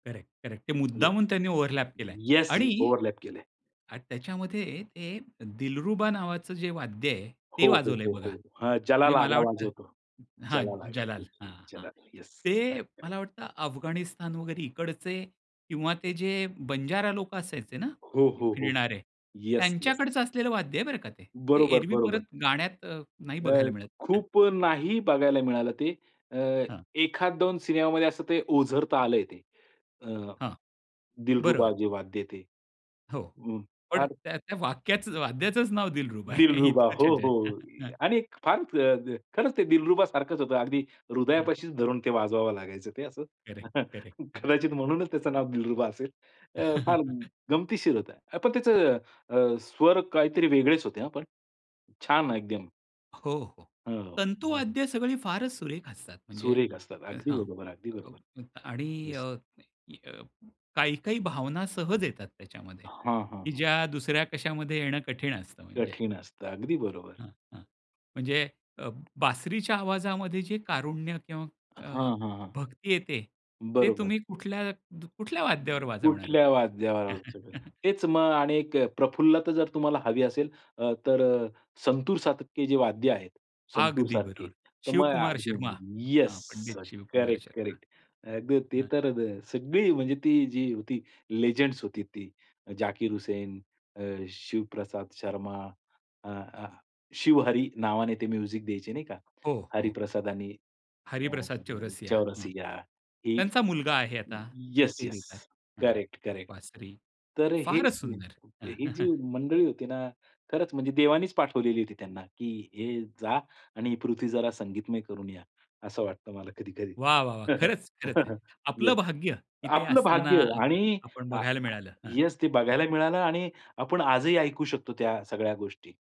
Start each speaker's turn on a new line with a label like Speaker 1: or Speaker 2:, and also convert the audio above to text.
Speaker 1: Correct, correct. ते
Speaker 2: yes.
Speaker 1: मुद्दामून त्यांनी ओव्हरलॅप केल आहे.
Speaker 2: येस.
Speaker 1: आणि
Speaker 2: ओव्हरलॅप केलंय.
Speaker 1: आणि त्याच्यामध्ये ते दिलरुबा नावाचं जे वाद्य आहे, ते
Speaker 2: हो, हो,
Speaker 1: वाजवलंय
Speaker 2: हो,
Speaker 1: बघा.
Speaker 2: हो. हं. जलाल
Speaker 1: म्हणजे मला वाटतं
Speaker 2: वाजवतो.
Speaker 1: हां,
Speaker 2: जलाल
Speaker 1: जलाल.
Speaker 2: येस
Speaker 1: हां, हां.
Speaker 2: जलाल येस.
Speaker 1: ते
Speaker 2: करेक्ट, करेक्ट.
Speaker 1: मला वाटतं अफगाणिस्तान वगैरे इकडचे किंवा ते जे बंजारा लोक असायचे ना
Speaker 2: हो, हो, हो,
Speaker 1: फिरणारे
Speaker 2: येस, येस.
Speaker 1: त्यांच्याकडचं असलेलं वाद्य आहे बरं का ते. ते
Speaker 2: बरोबर,
Speaker 1: एरवी
Speaker 2: बरोबर.
Speaker 1: परत गाण्यात अ, नाही
Speaker 2: अ,
Speaker 1: बघायला मिळत, हं.
Speaker 2: खूप नाही बघायला मिळालं ते. अ,
Speaker 1: हां.
Speaker 2: एखाद दोन सिनेमामध्ये असं ते ओझरता आलंय ते अ,
Speaker 1: हां,
Speaker 2: दिलरुबा
Speaker 1: बरोबर.
Speaker 2: जे वाद्य ते
Speaker 1: हो,
Speaker 2: हं,
Speaker 1: पण
Speaker 2: फार
Speaker 1: त्या त्या वाक्याचं वाद्याचंच नाव दिलरुबा आहे.
Speaker 2: दिलरुबा
Speaker 1: इतकंच
Speaker 2: हो,
Speaker 1: आहे
Speaker 2: हो
Speaker 1: ते.
Speaker 2: आणि फार अ, खरंच ते दिलरुबा सारखंच होतं. अगदी
Speaker 1: हं.
Speaker 2: हृदयापाशी धरून ते वाजवावं लागायचं ते असं.
Speaker 1: करेक्ट, करेक्ट, करेक्ट,
Speaker 2: कदाचित म्हणूनच
Speaker 1: करेक्ट.
Speaker 2: त्याचं नाव दिलरुबा असेल. अ, फार गमतीशीर होतं. अ, पण त्याचं अ, स्वर काहीतरी वेगळेच होते, पण छान एकदम.
Speaker 1: हो, हो
Speaker 2: हो, हो.
Speaker 1: तंतुवाद्य सगळी फारच सुरेख असतात. म्हणजे
Speaker 2: सुरेख असतात. अगदी
Speaker 1: हां
Speaker 2: बरोबर ,अगदी बरोबर
Speaker 1: आणि अ,
Speaker 2: येस.
Speaker 1: काही-काही भावना सहज येतात त्याच्यामध्ये,
Speaker 2: हां, हां,
Speaker 1: की
Speaker 2: हां.
Speaker 1: ज्या दुसऱ्या कशामध्ये येणं कठीण असतं म्हणजे.
Speaker 2: कठीण असतं. अगदी बरोबर.
Speaker 1: हां, हां म्हणजे अ, बासरीच्या आवाजामध्ये जे कारुण्य किंवा अ,
Speaker 2: हां, हां, हां.
Speaker 1: भक्ती येते ते
Speaker 2: बरोबर.
Speaker 1: तुम्ही कुठल्या कुठल्या वाद्यावर वाजवणार.
Speaker 2: कुठल्या वाद्यावर वाजवायचं. तेच मग आणि एक अ, प्रफुल्लता जर तुम्हाला हवी असेल अ, तर संतूरसारखे जे वाद्य आहेत
Speaker 1: अगदी
Speaker 2: संतूरसारखे.
Speaker 1: बरोबर.
Speaker 2: तर
Speaker 1: शिवकुमार
Speaker 2: मग
Speaker 1: शर्मा
Speaker 2: येस.
Speaker 1: हां, पंडित शिवकुमार
Speaker 2: करेक्ट,
Speaker 1: शर्मा.
Speaker 2: करेक्ट. अ, ते
Speaker 1: हं.
Speaker 2: तर सगळी म्हणजे ती जी ती लिजेंड्स होती ती जाकीर हुसेन, अ, शिवप्रसाद शर्मा. अ, अ, शिवहरी नावाने ते म्युझिक द्यायचे नाही का,
Speaker 1: हो, हो.
Speaker 2: हरिप्रसाद आणि अ,
Speaker 1: हरिप्रसाद चौरसिया हं,
Speaker 2: चौरसिया ही
Speaker 1: त्यांचा मुलगा आहे आता. ते
Speaker 2: येस,
Speaker 1: ते
Speaker 2: येस.
Speaker 1: देतात हां,
Speaker 2: करेक्ट, करेक्ट.
Speaker 1: बासरी
Speaker 2: तर हे
Speaker 1: फारच सुंदर.
Speaker 2: ही जी मंडळी होती ना खरंच म्हणजे देवानीच पाठवलेली होती त्यांना की हे जा आणि ही पृथ्वी जरा संगीतमय करून या असं वाटतं मला कधी-कधी.
Speaker 1: वाह! वाह! वाह! खरंच,
Speaker 2: येस,
Speaker 1: खरंच आहे. आपलं भाग्य इथे
Speaker 2: आपलं
Speaker 1: असताना
Speaker 2: भाग्य आहे आणि
Speaker 1: आपण
Speaker 2: अ,
Speaker 1: बघायला मिळालं हां,
Speaker 2: येस ते
Speaker 1: हां.
Speaker 2: बघायला मिळालं आणि आपण आजही ऐकू शकतो त्या सगळ्या गोष्टी.